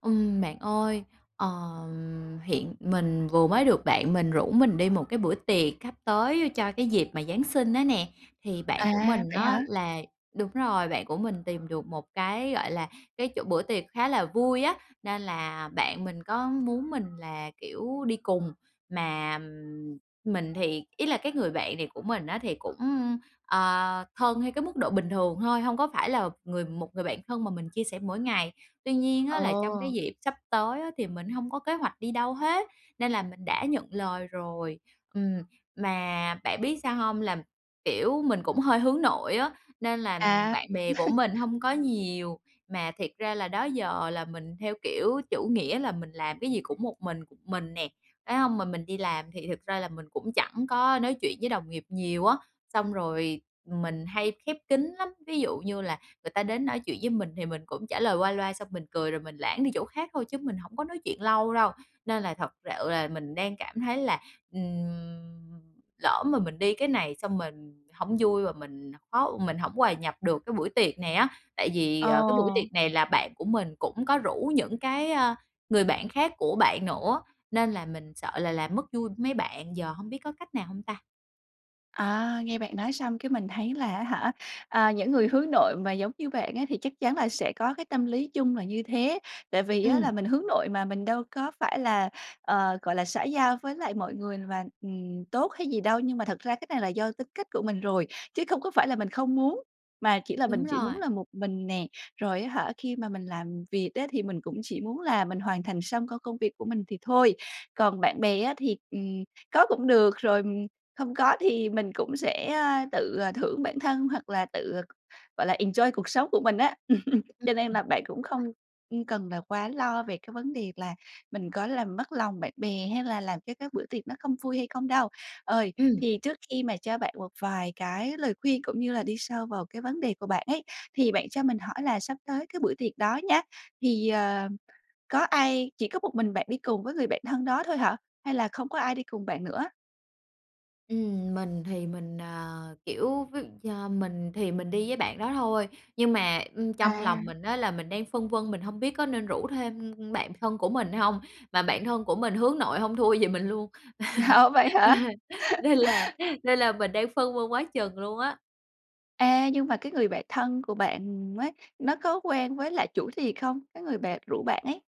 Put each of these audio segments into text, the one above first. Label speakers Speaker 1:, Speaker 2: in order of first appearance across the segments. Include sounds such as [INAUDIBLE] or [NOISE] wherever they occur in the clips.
Speaker 1: Ừm, bạn ơi, ờ, hiện mình vừa mới được bạn mình rủ mình đi 1 cái bữa tiệc sắp tới cho cái dịp mà Giáng sinh á nè, thì bạn của
Speaker 2: À,
Speaker 1: mình
Speaker 2: vậy
Speaker 1: á
Speaker 2: hả?
Speaker 1: là đúng rồi, bạn của mình tìm được 1 cái, gọi là, cái chỗ bữa tiệc khá là vui á, nên là bạn mình có muốn mình là, kiểu, đi cùng, mà mình thì ý là cái người bạn này của mình á thì cũng, ờ, thân theo cái mức độ bình thường thôi, hông có phải là người 1 người bạn thân mà mình chia sẻ mỗi ngày. Tuy nhiên á là trong cái
Speaker 2: Ờ.
Speaker 1: dịp sắp tới á thì mình hông có kế hoạch đi đâu hết, nên là mình đã nhận lời rồi. Ừm, mà bạn biết sao hông, là, kiểu, mình cũng hơi hướng nội á, nên là
Speaker 2: À.
Speaker 1: bạn bè của
Speaker 2: [CHUCKLES]
Speaker 1: mình hông có nhiều. Mà thiệt ra là đó giờ là mình theo kiểu chủ nghĩa là mình làm cái gì cũng một mình, một mình nè, phải hông, mà mình đi làm thì thật ra là mình cũng chẳng có nói chuyện với đồng nghiệp nhiều á. Xong rồi mình hay khép kín lắm, ví dụ như là người ta đến nói chuyện với mình thì mình cũng trả lời qua loa xong mình cười rồi mình lảng đi chỗ khác thôi chứ mình hổng có nói chuyện lâu đâu. Nên là thật sự là mình đang cảm thấy là, ừm, lỡ mà mình đi cái này xong mình hông vui và mình khó mình hổng hòa nhập được cái buổi tiệc này á, tại vì, ờ, cái buổi
Speaker 2: Ờ.
Speaker 1: tiệc này là bạn của mình cũng có rủ những cái, ờ, người bạn khác của bạn nữa nên là mình sợ là làm mất vui mấy bạn, giờ hông biết có cách nào hông ta?
Speaker 2: À, nghe bạn nói xong cái mình thấy là á hả, à, những người hướng nội mà giống như bạn á thì chắc chắn là sẽ có cái tâm lý chung là như thế. Tại vì á
Speaker 1: Ừm.
Speaker 2: là mình hướng nội mà mình đâu có phải là, ờ, gọi là, xã giao với lại mọi người và, ừm, tốt hay gì đâu nhưng mà thật ra cái này là do tính cách của mình rồi, chứ không có phải là mình không muốn, mà chỉ là
Speaker 1: Đúng
Speaker 2: mình chỉ
Speaker 1: rồi.
Speaker 2: muốn là một mình nè, rồi, á hả, khi mà mình làm việc á thì mình cũng chỉ muốn là mình hoàn thành xong công công việc của mình thì thôi. Còn bạn bè á thì, ừm, có cũng được rồi, ừm, không có thì mình cũng sẽ, ơ, tự, ờ, thưởng bản thân hoặc là tự, gọi là, enjoy cuộc sống của mình á. [LAUGHS]
Speaker 1: Ừm,
Speaker 2: Cho nên
Speaker 1: ừm,
Speaker 2: là bạn cũng không,
Speaker 1: rồi.
Speaker 2: ưm, cần là quá lo về cái vấn đề là mình có làm mất lòng bạn bè hay là làm cho cái bữa tiệc nó không vui hay không đâu. Ờ,
Speaker 1: Ừm.
Speaker 2: thì trước khi mà cho bạn một vài cái lời khuyên cũng như là đi sâu vào cái vấn đề của bạn ấy thì bạn cho mình hỏi là sắp tới cái bữa tiệc đó nhá, thì, ờ, có ai chỉ có một mình bạn đi cùng với người bạn thân đó thôi hả? Hay là không có ai đi cùng bạn nữa?
Speaker 1: Ừm, mình thì mình, à, kiểu, ví do mình thì mình đi với bạn đó thôi, nhưng mà, ưm, trong lòng
Speaker 2: À.
Speaker 1: mình á là mình đang phân vân, mình hông biết có nên rủ thêm bạn thân của mình hông, mà bạn thân của mình hướng nội hông thua gì mình luôn.
Speaker 2: Ồ, vậy hả?
Speaker 1: [LAUGHS] Nên là nên là mình đang phân vân quá chừng luôn á.
Speaker 2: A, nhưng mà cái người bạn thân của bạn ấy, nó có quen với lại chủ tiệc không, cái người bạn rủ bạn ấy?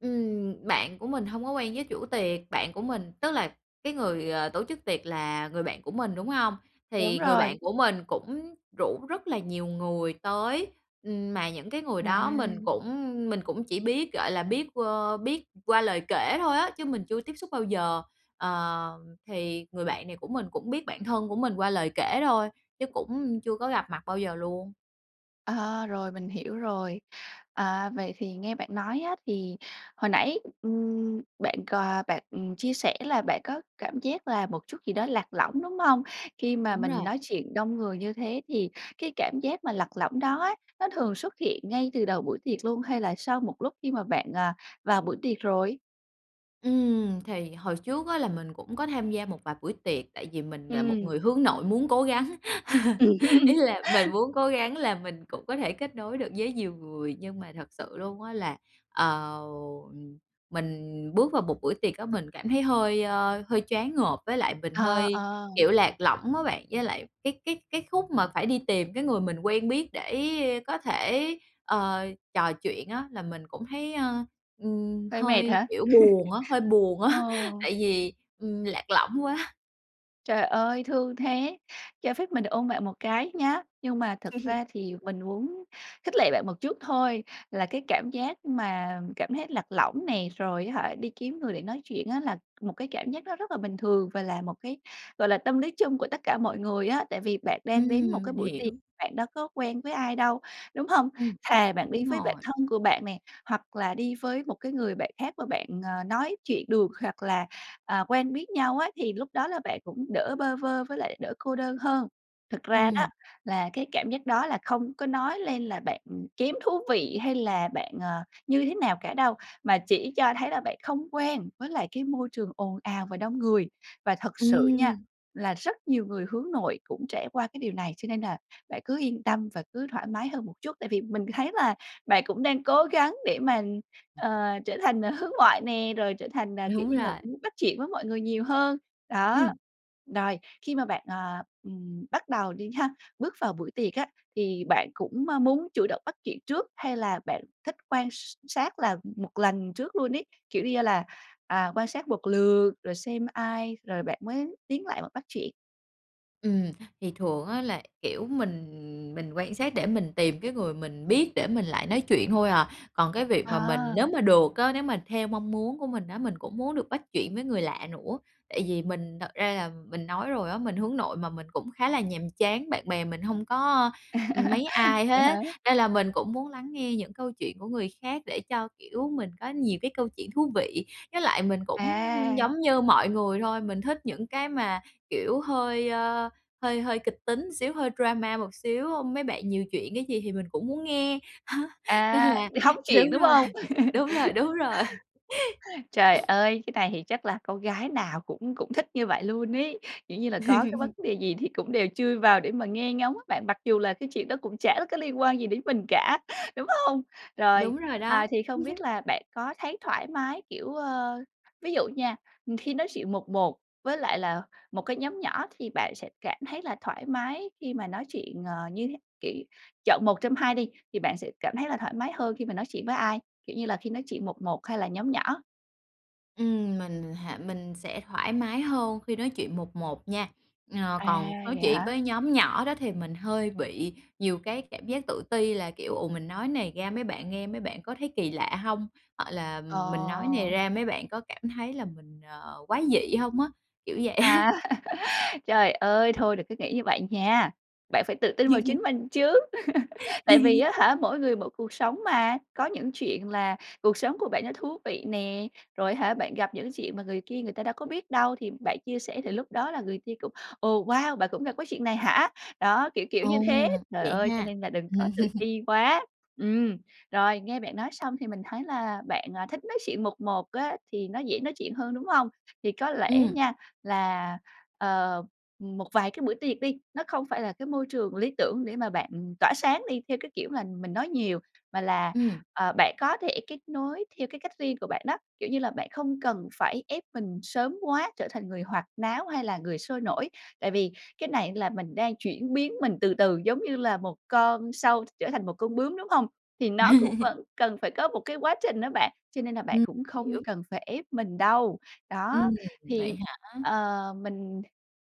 Speaker 1: Ừm. Bạn của mình hông có quen với chủ tiệc, bạn của mình tức là cái người, ờ, tổ chức tiệc là người bạn của mình, đúng hông?
Speaker 2: Đúng
Speaker 1: Thì người bạn
Speaker 2: rồi.
Speaker 1: của mình cũng rủ rất là nhiều người tới, ừm, mà những cái người đó mình
Speaker 2: À!
Speaker 1: cũng mình cũng chỉ biết, gọi là, biết, ờ, biết qua lời kể thôi á, chứ mình chưa tiếp xúc bao giờ. Ờ, thì người bạn này của mình cũng biết bạn thân của mình qua lời kể thôi, chứ cũng chưa có gặp mặt bao giờ luôn.
Speaker 2: Ờ, rồi, mình hiểu rồi. À, vậy thì nghe bạn nói á thì hồi nãy, ừm, bạn c bạn, ừm, chia sẻ là bạn có cảm giác là một chút gì đó lạc lõng, đúng hông? Khi mà
Speaker 1: Đúng
Speaker 2: mình
Speaker 1: rồi.
Speaker 2: nói chuyện đông người như thế thì cái cảm giác mà lạc lõng đó á, nó thường xuất hiện ngay từ đầu buổi tiệc luôn, hay là sau một lúc khi mà bạn, à, vào buổi tiệc rồi?
Speaker 1: Ừm! Thì hồi trước á là mình cũng có tham gia một vài buổi tiệc tại vì mình là một
Speaker 2: Ừm.
Speaker 1: người hướng nội muốn cố gắng. [CHUCKLES]
Speaker 2: Ừm.
Speaker 1: Ý
Speaker 2: [LAUGHS]
Speaker 1: là mình muốn cố gắng là mình cũng có thể kết nối được với nhiều người, nhưng mà thật sự luôn á là, ờ, mình bước vào một buổi tiệc á mình cảm thấy hơi, à, hơi choáng ngợp, với lại mình
Speaker 2: Ờ,
Speaker 1: hơi,
Speaker 2: ờ.
Speaker 1: kiểu, lạc lõng á bạn. Với lại cái cái cái khúc mà phải đi tìm cái người mình quen biết để có thể, ờ, trò chuyện á, là mình cũng thấy, à, ừm,
Speaker 2: Hơi mệt
Speaker 1: hơi
Speaker 2: hả?
Speaker 1: kiểu buồn á hơi
Speaker 2: [CHUCKLES]
Speaker 1: buồn
Speaker 2: Ờ.
Speaker 1: á [CHUCKLES] tại vì, ừm, lạc lõng quá!
Speaker 2: Trời ơi, thương thế, cho phép mình được ôm bạn một cái nhá! Nhưng mà thật
Speaker 1: Ừm hừm.
Speaker 2: ra thì mình muốn khích lệ bạn một chút thôi, là cái cảm giác mà cảm thấy lạc lõng nè, rồi á hả, đi kiếm người để nói chuyện á là một cái cảm giác nó rất là bình thường và là một cái, gọi là, tâm lý chung của tất cả mọi người á. Tại vì bạn đang đến một
Speaker 1: Ừm,
Speaker 2: cái
Speaker 1: mình
Speaker 2: buổi tiệc,
Speaker 1: hiểu.
Speaker 2: bạn đâu có quen với ai đâu, đúng hông?
Speaker 1: Ừm.
Speaker 2: Thà bạn đi
Speaker 1: Đúng
Speaker 2: với bạn
Speaker 1: rồi.
Speaker 2: thân của bạn nè, hoặc là đi với một cái người bạn khác mà bạn, ờ, nói chuyện được hoặc là, à, quen biết nhau á thì lúc đó là bạn cũng đỡ bơ vơ với lại đỡ cô đơn hơn. Thực ra đó
Speaker 1: Ừm.
Speaker 2: là cái cảm giác đó là không có nói lên là bạn kém thú vị hay là bạn, ờ, như thế nào cả đâu, mà chỉ cho thấy là bạn không quen với lại cái môi trường ồn ào và đông người. Và thật sự nha
Speaker 1: Ừm!
Speaker 2: là rất nhiều người hướng nội cũng trải qua cái điều này cho nên là bạn cứ yên tâm và cứ thoải mái hơn một chút, tại vì mình thấy là bạn cũng đang cố gắng để mà, ờ, trở thành hướng ngoại nè, rồi trở thành, ờ, kiểu
Speaker 1: Đúng
Speaker 2: như là
Speaker 1: rồi.
Speaker 2: muốn bắt chuyện với mọi người nhiều hơn. Đó.
Speaker 1: Ừm.
Speaker 2: Rồi, khi mà bạn, à, ừm, bắt đầu đi ha, bước vào buổi tiệc á, thì bạn cũng, ơ, muốn chủ động bắt chuyện trước hay là bạn thích quan s sát là một lần trước luôn ấy, kiểu như là, à, quan sát một lượt rồi xem ai rồi bạn mới tiến lại bạn bắt chuyện?
Speaker 1: Ừm, thì thường á là, kiểu, mình mình quan sát để mình tìm cái người mình biết để mình lại nói chuyện thôi à. Còn cái việc mà mình nếu
Speaker 2: À!
Speaker 1: mà được á, nếu mà theo mong muốn của mình á mình cũng muốn được bắt chuyện với người lạ nữa, tại vì mình thật ra là mình nói rồi á mình hướng nội mà, mình cũng khá là nhàm chán, bạn bè mình hông có, ừm, mấy
Speaker 2: [CHUCKLES]
Speaker 1: ai
Speaker 2: Vậy hả?
Speaker 1: hết, nên là mình cũng muốn lắng nghe những câu chuyện của người khác để cho, kiểu, mình có nhiều cái câu chuyện thú vị. Với lại mình cũng
Speaker 2: À!
Speaker 1: giống như mọi người thôi, mình thích những cái mà, kiểu, hơi, a, hơi hơi kịch tính một xíu, hơi drama một xíu, hưm, mấy bạn nhiều chuyện cái gì thì mình cũng muốn nghe, [CHUCKLES] nên
Speaker 2: À!
Speaker 1: là
Speaker 2: Đi hóng chuyện,
Speaker 1: đúng
Speaker 2: đúng
Speaker 1: rồi,
Speaker 2: hông? [CHUCKLES]
Speaker 1: đúng rồi, đúng rồi. [CHUCKLES]
Speaker 2: Trời
Speaker 1: [SNIFFS]
Speaker 2: ơi! Cái này thì chắc là con gái nào cũng cũng thích như vậy luôn ấy. Kiểu như là, có cái vấn
Speaker 1: [CHUCKLES]
Speaker 2: đề gì thì cũng đều chui vào để mà nghe ngóng á bạn, mặc dù là cái chuyện đó cũng chả có liên quan gì đến mình cả, đúng hông? Rồi,
Speaker 1: Đúng rồi
Speaker 2: à,
Speaker 1: đó.
Speaker 2: thì không biết
Speaker 1: [CHUCKLES]
Speaker 2: là bạn có thấy thoải mái, kiểu, ờ, ví dụ nha, ừm, khi nói chuyện 1-1 với lại là 1 cái nhóm nhỏ thì bạn sẽ cảm thấy là thoải mái khi mà nói chuyện, ờ, như thế kiểu, chọn 1 trong 2 đi, thì bạn sẽ cảm thấy là thoải mái hơn khi mà nói chuyện với ai? Kiểu như là, khi nói chuyện 1-1 hay là nhóm nhỏ?
Speaker 1: Ừm, mình hả, mình sẽ thoải mái hơn khi nói chuyện 1-1 nha. Ờ,
Speaker 2: À,
Speaker 1: còn nói
Speaker 2: vậy
Speaker 1: chuyện
Speaker 2: hả?
Speaker 1: với nhóm nhỏ đó thì mình hơi bị nhiều cái cảm giác tự ti là, kiểu, "Ồ! Mình nói này ra mấy bạn nghe mấy bạn có thấy kỳ lạ hông?", hoặc là "Mình nói này
Speaker 2: Ờ.
Speaker 1: ra mấy bạn có cảm thấy là mình, ờ, quái dị hông?" á, kiểu vậy á.
Speaker 2: À! [CHUCKLES] Trời ơi, thôi đừng có nghĩ như vậy nha, bạn phải tự tin vào chính
Speaker 1: [CHUCKLES]
Speaker 2: mình chứ! [CHUCKLES] Tại vì á
Speaker 1: [CHUCKLES]
Speaker 2: hả, mỗi người mỗi cuộc sống mà, có những chuyện là cuộc sống của bạn nó thú vị nè, rồi hả bạn gặp những chuyện mà người kia người ta đâu có biết đâu, thì bạn chia sẻ thì lúc đó là người kia cũng "Ồ, wow! Bạn cũng gặp cái chuyện này hả?", đó, kiểu kiểu
Speaker 1: À,
Speaker 2: như thế, trời
Speaker 1: vậy
Speaker 2: ơi, cho
Speaker 1: ha!
Speaker 2: nên là đừng có tự
Speaker 1: [CHUCKLES]
Speaker 2: ti quá! Ừm, rồi, nghe bạn nói xong thì mình thấy là bạn, à, thích nói chuyện 1-1 á thì nó dễ nói chuyện hơn, đúng hông? Thì có lẽ
Speaker 1: Ừm.
Speaker 2: nha là, ờ, một vài cái bữa tiệc đi, nó không phải là cái môi trường lý tưởng để mà bạn tỏa sáng đi theo cái kiểu mà mình nói nhiều, mà là,
Speaker 1: Ừm.
Speaker 2: ờ, bạn có thể kết nối theo cái cách riêng của bạn đó, kiểu như là, bạn không cần phải ép mình sớm quá, trở thành người hoạt náo, hay là người sôi nổi. Tại vì cái này là mình đang chuyển biến mình từ từ giống như là 1 con sâu trở thành 1 con bướm, đúng hông? Thì nó cũng
Speaker 1: [CHUCKLES]
Speaker 2: vẫn cần phải có 1 cái quá trình á bạn, cho nên là bạn
Speaker 1: Ừm,
Speaker 2: cũng không
Speaker 1: hiểu.
Speaker 2: cần phải ép mình đâu. Đó,
Speaker 1: Ừm,
Speaker 2: thì,
Speaker 1: vậy hả?
Speaker 2: ờ, mình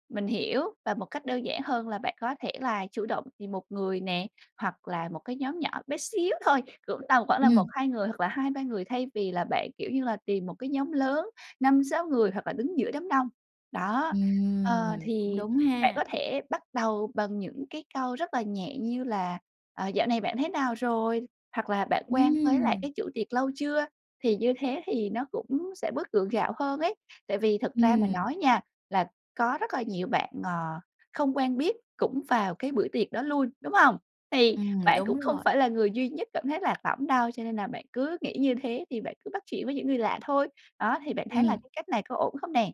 Speaker 2: mình hiểu và một cách đơn giản hơn là bạn có thể là chủ động tìm 1 người nè, hoặc là 1 cái nhóm nhỏ bé xíu thôi, cũng tầm khoảng là 1,
Speaker 1: Ừm.
Speaker 2: 2 người hoặc là 2, 3 người, thay vì là bạn, kiểu như là, tìm 1 cái nhóm lớn 5, 6 người hoặc là đứng giữa đám đông. Đó, ờ,
Speaker 1: Ừm, cũng
Speaker 2: thì
Speaker 1: đúng
Speaker 2: bạn có
Speaker 1: ha.
Speaker 2: thể bắt đầu bằng những cái câu rất là nhẹ như là, ờ, "Dạo này bạn thế nào rồi?", hoặc là "Bạn quen với lại
Speaker 1: Ừm!
Speaker 2: cái chủ tiệc lâu chưa?", thì như thế thì nó cũng sẽ bớt gượng gạo hơn ấy. Tại vì thực ra mà
Speaker 1: Ừm.
Speaker 2: nói nha là có rất là nhiều bạn, ờ, không quen biết cũng vào cái buổi tiệc đó luôn, đúng hông? Thì
Speaker 1: Ừm,
Speaker 2: bạn
Speaker 1: đúng
Speaker 2: cũng không
Speaker 1: rồi.
Speaker 2: phải là người duy nhất cảm thấy lạc lõng đâu, cho nên là bạn cứ nghĩ như thế thì bạn cứ bắt chuyện với những người lạ thôi. Đó, thì bạn thấy là
Speaker 1: Ừm.
Speaker 2: cái cách này có ổn không nè?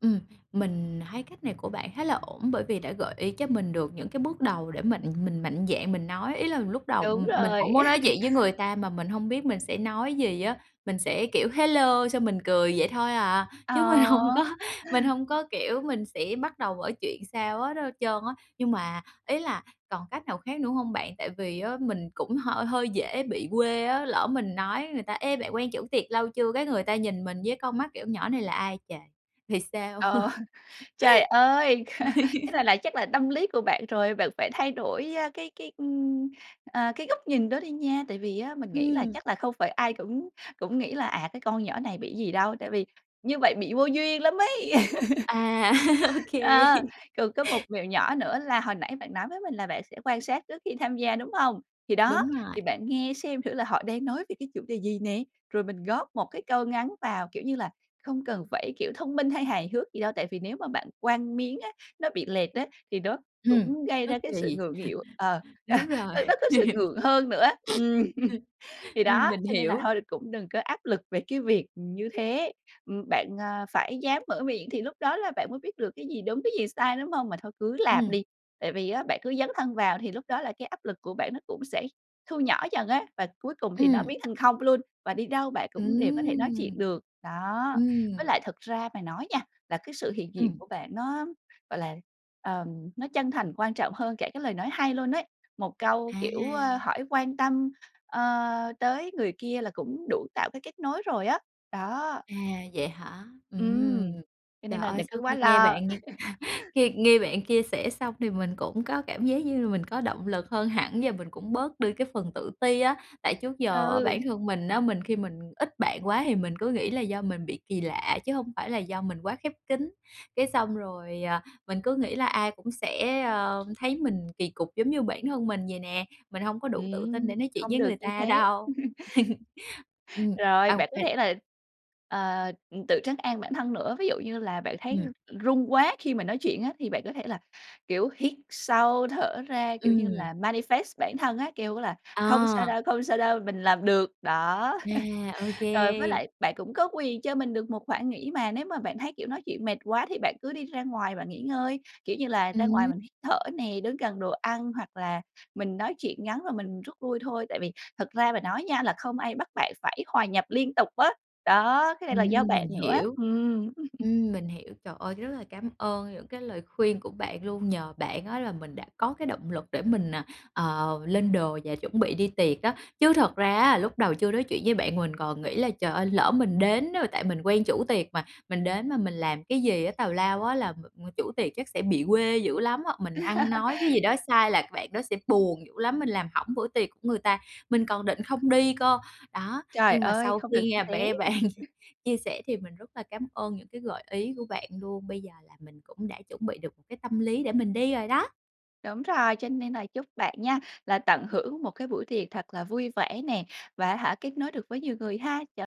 Speaker 1: Ừm, mình thấy cách này của bạn khá là ổn bởi vì đã gợi ý cho mình được những cái bước đầu để mà mình mạnh dạn mình nói, ý là lúc đầu
Speaker 2: Đúng
Speaker 1: mình cũng
Speaker 2: rồi.
Speaker 1: muốn nói
Speaker 2: [LAUGHS]
Speaker 1: chuyện với người ta mà mình hông biết mình sẽ nói gì á. Mình sẽ, kiểu: "Hello" xong mình cười vậy thôi à, chứ mình hông có,
Speaker 2: Ờ.
Speaker 1: mình hông có, kiểu, mình sẽ bắt đầu mở chuyện sao hết hết trơn á. Nhưng mà ý là còn cách nào khác nữa hông bạn? Tại vì á mình cũng h hơi dễ bị quê á, lỡ mình nói người ta: "Ê, bạn quen chủ tiệc lâu chưa?" Cái người ta nhìn mình với con mắt, kiểu: "Nhỏ này là ai trời." Thì sao?
Speaker 2: Ờ. [CHUCKLES] Trời ơi, [LAUGHS] cái này
Speaker 1: [LAUGHS]
Speaker 2: là chắc là tâm lý của bạn rồi. Bạn phải thay đổi, a, cái cái, ưm, à, cái góc nhìn đó đi nha. Tại vì á mình nghĩ là
Speaker 1: Ừm.
Speaker 2: chắc là không phải ai cũng cũng nghĩ là "À, cái con nhỏ này bị gì đâu." Tại vì như vậy bị vô duyên lắm ấy. [LAUGHS]
Speaker 1: À, [LAUGHS] Ô kê.
Speaker 2: Ờ, còn có một mẹo nhỏ nữa là hồi nãy bạn nói với mình là bạn sẽ quan sát trước khi tham gia, đúng hông? Thì đó,
Speaker 1: Đúng rồi.
Speaker 2: thì bạn nghe xem thử là họ đang nói về cái chủ đề gì nè, rồi mình góp một cái câu ngắn vào, kiểu như là, không cần phải kiểu thông minh hay hài hước gì đâu. Tại vì nếu mà bạn quăng miếng á, nó bị lệch á thì nó
Speaker 1: Ừm.
Speaker 2: cũng gây
Speaker 1: Nó
Speaker 2: ra cái sự
Speaker 1: kỳ.
Speaker 2: ngượng nghịu. Ờ.
Speaker 1: [CHUCKLES] Đúng
Speaker 2: À,
Speaker 1: rồi.
Speaker 2: nó có sự ngượng hơn nữa á. Ừm.
Speaker 1: [LAUGHS] [SNIFFS] Ừm.
Speaker 2: Thì
Speaker 1: Ừm.
Speaker 2: đó,
Speaker 1: Mình
Speaker 2: cho nên là
Speaker 1: hiểu.
Speaker 2: thôi cũng đừng có áp lực về cái việc, ừm, như thế. Ừm, bạn, à, phải dám mở miệng thì lúc đó là bạn mới biết được cái gì đúng cái gì sai, đúng hông? Mà thôi cứ làm
Speaker 1: Ừm.
Speaker 2: đi. Tại vì á, bạn cứ dấn thân vào thì lúc đó là cái áp lực của bạn nó cũng sẽ thu nhỏ dần á, và cuối cùng thì nó
Speaker 1: Ừm.
Speaker 2: biến thành 0 luôn. Và đi đâu bạn cũng đều có thể nói chuyện
Speaker 1: Ừm!
Speaker 2: được. Đó. Với
Speaker 1: Ừm.
Speaker 2: lại thực ra mà nói nha, là cái sự hiện diện
Speaker 1: Ừm.
Speaker 2: của bạn nó, gọi là, ờm, nó chân thành quan trọng hơn cả cái lời nói hay luôn ấy. Một câu, kiểu, ơ,
Speaker 1: À!
Speaker 2: hỏi quan tâm, ờ, tới người kia là cũng đủ tạo cái kết nối rồi á. Đó.
Speaker 1: À, vậy hả? Ừm.
Speaker 2: Ừm. Cho
Speaker 1: Trời
Speaker 2: nên là
Speaker 1: ơi,
Speaker 2: đừng
Speaker 1: sau
Speaker 2: có quá
Speaker 1: khi nghe bạn
Speaker 2: lo. [LAUGHS]
Speaker 1: [LAUGHS] khi nghe bạn chia sẻ xong thì mình cũng có cảm giác như là mình có động lực hơn hẳn và mình cũng bớt đi cái phần tự ti á, tại trước giờ á,
Speaker 2: Ừ.
Speaker 1: bản thân mình á, mình khi mình ít bạn quá thì mình cứ nghĩ là do mình bị kỳ lạ chứ hông phải là do mình quá khép kín. Cái xong rồi, à, mình cứ nghĩ là ai cũng sẽ, ơ, thấy mình kỳ cục giống như bản thân mình vầy nè. Mình hông có đủ
Speaker 2: Ừm,
Speaker 1: tự tin để
Speaker 2: ưm,
Speaker 1: nói chuyện
Speaker 2: không
Speaker 1: với
Speaker 2: được
Speaker 1: người
Speaker 2: như
Speaker 1: ta
Speaker 2: thế.
Speaker 1: đâu.
Speaker 2: [CHUCKLES]
Speaker 1: [LAUGHS] Ừm.
Speaker 2: Rồi,
Speaker 1: À, ô
Speaker 2: bạn có
Speaker 1: kê.
Speaker 2: thể là, ờ, ừm, tự trấn an bản thân nữa. Ví dụ như là bạn thấy
Speaker 1: Ừm.
Speaker 2: run quá khi mà nói chuyện á thì bạn có thể là, kiểu, hít sâu, thở ra, kiểu như
Speaker 1: Ừm.
Speaker 2: là, manifest bản thân á, kêu á là "Không sao
Speaker 1: À!
Speaker 2: đâu, không sao đâu, mình làm được." Đó.
Speaker 1: À, ô
Speaker 2: [LAUGHS] Rồi, với
Speaker 1: kê.
Speaker 2: lại bạn cũng có quyền cho mình được một khoảng nghỉ mà, nếu mà bạn thấy, kiểu, nói chuyện mệt quá thì bạn cứ đi ra ngoài bạn nghỉ ngơi, kiểu như là ra ngoài
Speaker 1: Ừm.
Speaker 2: mình hít thở nè, đứng gần đồ ăn, hoặc là mình nói chuyện ngắn và mình rút lui thôi. Tại vì thật ra mà nói nha, là không ai bắt bạn phải hòa nhập liên tục á. Đó, cái này là do
Speaker 1: Ừm,
Speaker 2: bạn
Speaker 1: mình
Speaker 2: nữa á.
Speaker 1: hiểu.
Speaker 2: Ừm. [LAUGHS]
Speaker 1: Ừm, mình hiểu. Trời ơi, rất là cám ơn những cái lời khuyên của bạn luôn, nhờ bạn á là mình đã có cái động lực để mình, à, ờ, lên đồ và chuẩn bị đi tiệc á. Chứ thật ra á lúc đầu chưa nói chuyện với bạn mình còn nghĩ là "Trời ơi, lỡ mình đến đó" Tại mình quen chủ tiệc mà, mình đến mà mình làm cái gì á tào lao á là chủ tiệc chắc sẽ bị quê dữ lắm á. Hoặc mình ăn nói cái gì
Speaker 2: [LAUGHS]
Speaker 1: đó sai là bạn đó sẽ buồn dữ lắm, mình làm hỏng bữa tiệc của người ta. Mình còn định không đi cơ. Đó,
Speaker 2: Trời
Speaker 1: nhưng mà
Speaker 2: ơi,
Speaker 1: sau
Speaker 2: không
Speaker 1: khi
Speaker 2: được như
Speaker 1: nghe
Speaker 2: thế.
Speaker 1: be bạn
Speaker 2: [LAUGHS]
Speaker 1: chia sẻ thì mình rất là cám ơn những cái gợi ý của bạn luôn. Bây giờ là mình cũng đã chuẩn bị được một cái tâm lý để mình đi rồi đó.
Speaker 2: Đúng rồi, cho nên là chúc bạn nha, là tận hưởng một cái buổi tiệc thật là vui vẻ nè, và á hả kết nối được với nhiều người ha. Chào